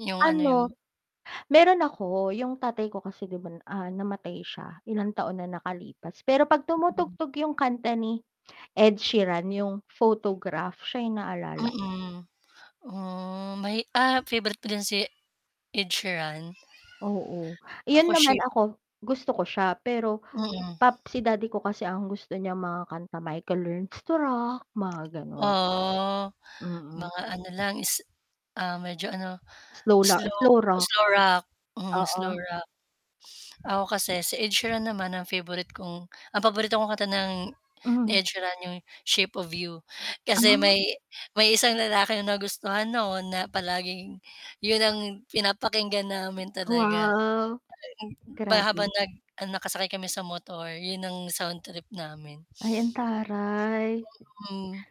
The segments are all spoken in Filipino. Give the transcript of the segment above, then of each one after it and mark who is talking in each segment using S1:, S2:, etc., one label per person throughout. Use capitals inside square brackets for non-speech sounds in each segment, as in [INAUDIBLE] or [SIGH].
S1: Yung ano yung
S2: Ano, meron ako, yung tatay ko kasi 'di ba, ah, namatay siya, ilang taon na nakalipas, pero 'pag tumutugtog yung kanta ni Ed Sheeran yung photograph siya yung naaalala ko.
S1: Mm. Ah, may ah, favorite ko din si Ed Sheeran.
S2: Oo. Iyon
S1: Ako
S2: naman
S1: ship
S2: ako, gusto ko siya pero, si
S1: Mm.
S2: pap si daddy ko kasi ang gusto niya mga kanta Michael Learns to Rock, mga gano'n.
S1: Oo.
S2: Mm.
S1: Mga ano lang is ah, medyo ano,
S2: Slow la
S1: slow
S2: slow rock.
S1: slow rock, mm, slow
S2: Oo.
S1: rock.
S2: Hm
S1: Ako kasi si Ed Sheeran naman ang favorite kong ang paborito kong kanta ng ni
S2: Mm.
S1: Ed Sheeran 'yong Shape of You. Kasi
S2: Ah.
S1: may may isang lalaki na nagustuhan noon na palaging 'yon ang pinapakinggan namin talaga.
S2: Wow.
S1: [UNINTELLIGIBLE] ba habang
S2: Grabe.
S1: nag ah, nakasakay kami sa motor 'yon ang sound trip namin.
S2: Ay, ang taray.
S1: Mm.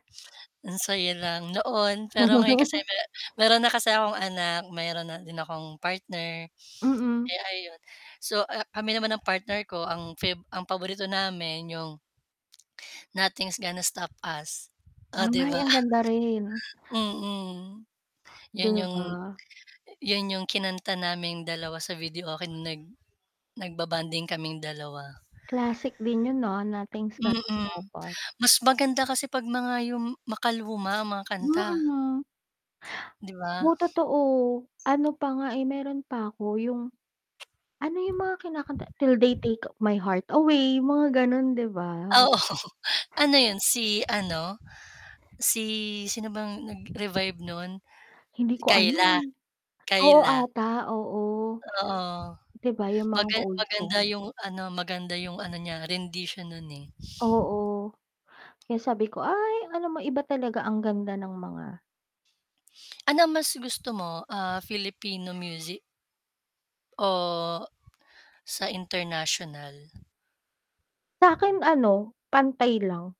S1: Ang saya lang noon pero ngayon kasi
S2: [CHUCKLES]
S1: me meron na kasi akong anak, meron na din akong partner.
S2: Mm.
S1: Eh, ayun. So a kami naman ng partner ko, ang fave ang paborito namin yung Nothing's gonna stop us. Oh, 'di
S2: Ay,
S1: ba?
S2: ang ganda rin.
S1: Mm.
S2: 'Di
S1: Yun yung
S2: ba?
S1: yun yung kinanta naming dalawa sa videoke no'ng nag nagba-bonding kaming 2.
S2: Classic din yun, ah, "Nothing's gonna
S1: Mm.
S2: stop us."
S1: Mas maganda kasi 'pag mga yung makaluma ang mga kanta.
S2: Mm.
S1: Di ba?
S2: Oo totoo. Ano pa nga eh, meron pa 'ko yung ano yung mga kinakanta, "Till They Take My Heart Away." Mga ganun 'di ba?
S1: Oo,
S2: Hmm.
S1: [LAUGHS] ano 'yon, si ano? Si sino bang nag-revive no'n?
S2: Hindi
S1: Si
S2: ko alam.
S1: Kyla?
S2: Oo
S1: Kyla.
S2: ata, oo.
S1: Oo.
S2: 'Di ba yung mga
S1: Maga
S2: old
S1: maganda
S2: songs.
S1: yung ano, maganda yung ano niya rendition nun eh.
S2: Oo. Kaya sabi ko ay alam mo iba talaga ang ganda ng mga
S1: Ano mas gusto mo? Ah, Filipino music o sa international?
S2: Sa 'kin ano, pantay lang.